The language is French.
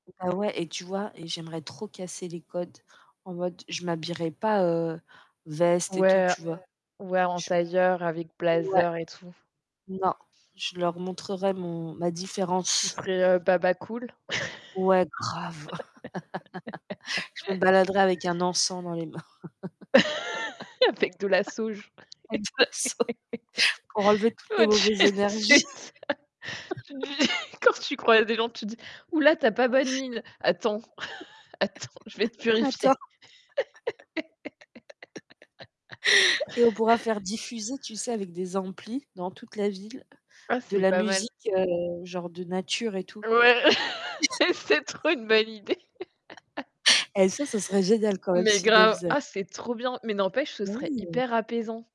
Heu, ouais. Et tu vois et j'aimerais trop casser les codes, en mode, je m'habillerai pas, heu, veste et tout, Ouais, tu vois? heu, ouais en Je tailleur avec Ouais. blazer et tout. Non, je leur montrerai mon ma Tu différence. serais, heu, baba cool? Ouais, grave. Je me baladerais avec un encens dans les mains. Avec de la sauge. Avec de la sauge. Pour enlever toutes les On mauvaises dirait énergies. c'est ça. Tu dis quand tu croise des gens, tu dis: «Ouh là tu as pas bonne mine, attends, attends, je vais te purifier». Attends. Et on pourra faire diffuser, tu sais, avec des amplis, dans toute la ville, Oh de c'est la pas mal. musique, heu genre de nature et tout. Ouais, mais c'est trop une bonne idée! Et ça, ce serait génial quand même Mais s'ils le grave! faisaient, hein. Ah c'est trop bien! Mais n'empêche, ce Mais serait oui. hyper apaisant.